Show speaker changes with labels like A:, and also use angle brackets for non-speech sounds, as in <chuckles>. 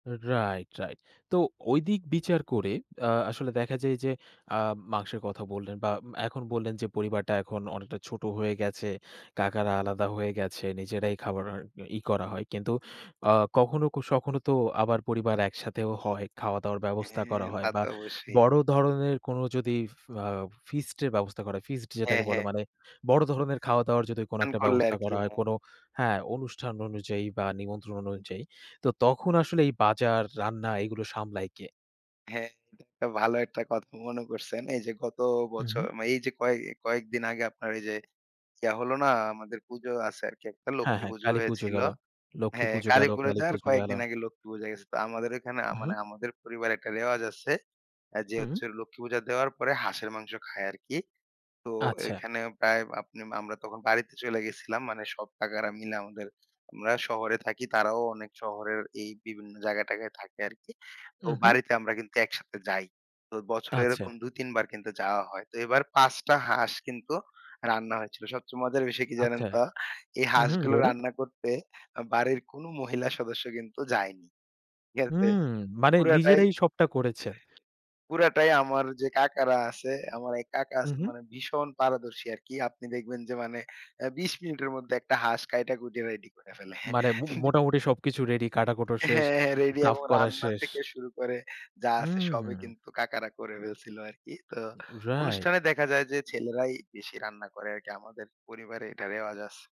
A: Right, right. তো ঐদিক বিচার করে আ আসলে দেখা যায় যে আ মাংসের কথা বললেন বা এখন বললেন যে, পরিবারটা এখন অনেকটা ছোট হয়ে গেছে। কাকারা আলাদা হয়ে গেছে। নিজেরাই <unintelligible> ই করা হয়। কিন্তু আ কখনো কো সখনো তো আবার পরিবার একসাথেও হয়, খাওয়া দাওয়ার ব্যবস্থা
B: হ্যাঁ,
A: করা হয়
B: তা
A: বা
B: তো অবশ্যই।
A: বড় ধরনের কোন যদি আ ফিস্টের ব্যবস্থা করা হয়, ফিস্ট যেটাকে
B: হ্যাঁ,
A: বলে
B: হ্যাঁ।
A: মানে বড় ধরনের খাওয়াদাওয়ার যদি কোনো
B: <unintelligible>
A: একটা
B: করলে
A: ব্যবস্থা
B: আরকি,
A: করা হয়,
B: হ্যাঁ।
A: কোন হ্যাঁ, অনুষ্ঠান অনুযায়ী বা নিমন্ত্রণ অনুযায়ী। তো তখন আসলে এই বাজার, রান্না এগুলো সামলায় কে?
B: হ্যাঁ, একটা ভালো একটা কথা মনে করছেন। এই যে গত
A: উ, হু।
B: বছর মানে এই যে কয়ে কয়েকদিন আগে আপনার এই যে ইয়া হলো না আমাদের পুজো আছে আরকি একটা,
A: হ্যাঁ,
B: লক্ষ্মী
A: হ্যাঁ,
B: পুজো
A: কালীপূজো
B: হয়েছিল।
A: গেল।
B: হ্যাঁ,
A: লক্ষ্মীপূজো গেল,
B: কালীপুরে যাওয়ার
A: কালীপুজো গেল।
B: কয়েকদিন আগে লক্ষ্মী পূজা গেছে। তো আমাদের ওইখানে আ
A: উ, হু।
B: মানে আমাদের পরিবারে একটা রেওয়াজ আছে। যে
A: হুম।
B: হচ্ছে লক্ষ্মী পূজা দেওয়ার পরে হাঁসের মাংস খায় আরকি। তো
A: আচ্ছা।
B: এইখানে প্রায় আপনি আমরা তখন বাড়িতে চইলা গেছিলাম। মানে সব কাকারা মিলা আমাদের, আমরা শহরে থাকি। তারাও অনেক শহরের এই বিভিন্ন জায়গাটাগায় থাকে আরকি। তো
A: উ, হু।
B: বাড়িতে আমরা কিন্তু একসাথে যাই। তো বছরে এরকম
A: আচ্ছা।
B: ২-৩ বার কিন্তু যাওয়া হয়। তো এবার ৫ টা হাঁস কিন্তু রান্না হয়েছিল। সবচেয়ে মজার বিষয় কি জানেন
A: আচ্ছা।
B: তো? এই
A: হু, হু,
B: হাঁসগুলো
A: বলুন।
B: রান্না করতে বাড়ির কোন মহিলা সদস্য কিন্তু যায়নি। ঠিক আছে?
A: হুম, মানে
B: পুরাটাই,
A: নিজেরাই সবটা করেছে।
B: পুরাটাই আমার যে কাকারা আছে, আমার এই কাকা
A: উ, হু।
B: মানে ভীষণ পারদর্শী আরকি। আপনি দেখবেন যে মানে অ্যা ২০ মিনিটের মধ্যে একটা হাঁস কাইটা কুইটা রেডি করে ফেলে।
A: মানে উম
B: <chuckles>
A: মোটামুটি সবকিছু রেডি। কাটাকুটো শেষ।
B: হ্যাঁ, হ্যাঁ। রেডি
A: সাফ
B: এবং
A: করা
B: রান্না
A: শেষ।
B: থেকে শুরু করে যা আছে সবই
A: হু।
B: কিন্তু কাকারা করে ফেলছিল আরকি। তো
A: রাইট।
B: অনুষ্ঠানে দেখা যায় যে ছেলেরাই বেশি রান্না করে আরকি। আমাদের পরিবারে এটা রেওয়াজ আছে।